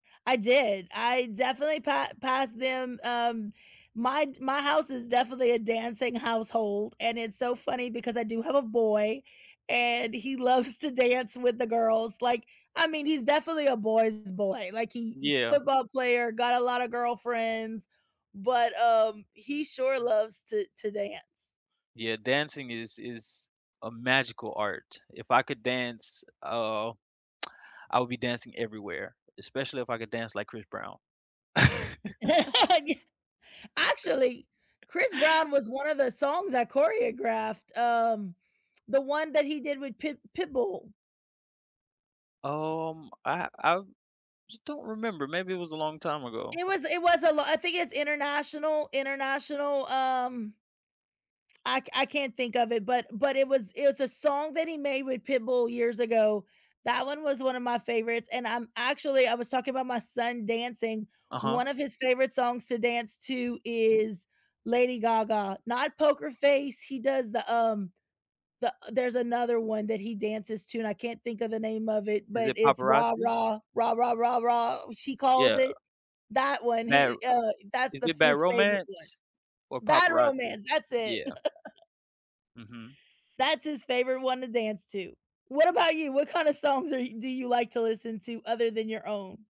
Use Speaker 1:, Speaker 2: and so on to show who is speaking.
Speaker 1: I did, I definitely pa pass them um, my j my house is definitely a dancing household, and it's so funny because I do have a boy, and he loves to dance with the girls, like, I mean, he's definitely a boy's boy, like, he he
Speaker 2: Yeah.
Speaker 1: football player, got a lotta girlfriends, but, um, he sure loves to to dance.
Speaker 2: Yeah, dancing is is a magical art, if I could dance oh, I would be dancing everywhere, especially if I could dance like Chris Brown.
Speaker 1: Y actually, Chris Brown was one of the songs I choreographed, um, the one that he did with Pit Pitbull.
Speaker 2: Um, I I just don't remember, maybe it was a long time ago?
Speaker 1: It was it was a lo I think it's international international, um, I c I can't think of it, but but it was it was a song that he made with Pitbull years ago, that one was one of my favorites, and, um, actually, I was talking about my son dancing,
Speaker 2: Uh-huh.
Speaker 1: one of his favorite songs to dance to is Lady Gaga not Poker Face, he does the, um, the there's another one that he dances to and I can't think of the name of it,
Speaker 2: Is
Speaker 1: but
Speaker 2: it
Speaker 1: it's "Rah,
Speaker 2: Paparazzi?
Speaker 1: rah, rah, rah, rah, rah," she calls
Speaker 2: Yeah.
Speaker 1: it. That one,
Speaker 2: Bad R
Speaker 1: he i i
Speaker 2: uh
Speaker 1: uh, that's
Speaker 2: is
Speaker 1: the f
Speaker 2: it Bad
Speaker 1: his favorite one.
Speaker 2: Romance? Or
Speaker 1: Bad
Speaker 2: Paparazzi?
Speaker 1: Romance! That's it.
Speaker 2: Yeah. Mhm.
Speaker 1: That's his favorite one to dance to. What about you? What kinda songs are y do you like to listen to, other than your own?